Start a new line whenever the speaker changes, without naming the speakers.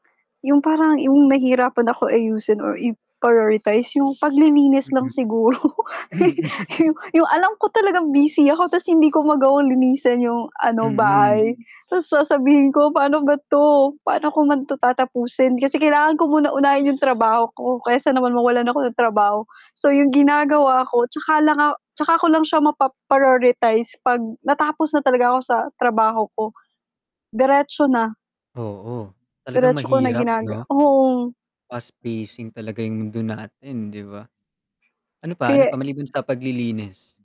'Yong parang 'yong nahihirapan ako ayusin or i-prioritize 'yong paglilinis lang
Mm.
siguro. 'Yo 'yong alam ko talagang busy ako 'tas hindi ko magawang linisan 'yong ano,
Mm.
bahay. 'Tas sasabihin ko, "Paano ba 'to, paano ko man 'to tatapusin?" kasi kailangan ko muna unahin 'yong trabaho ko, kaysa naman mawalan ako ng trabaho. So 'yong ginagawa ko 'tsaka lang ako 'tsaka ko lang siya mapa-prioritize 'pag natapos na talaga ako sa trabaho ko. Diretso na.
Oo, talagang
Diretso ko na
mahirap,
ginaga
'no?
oo.
Fast-pacing talaga 'yong mundo natin, 'di ba? Ano pa, ano
Kaya
pa maliban sa paglilinis?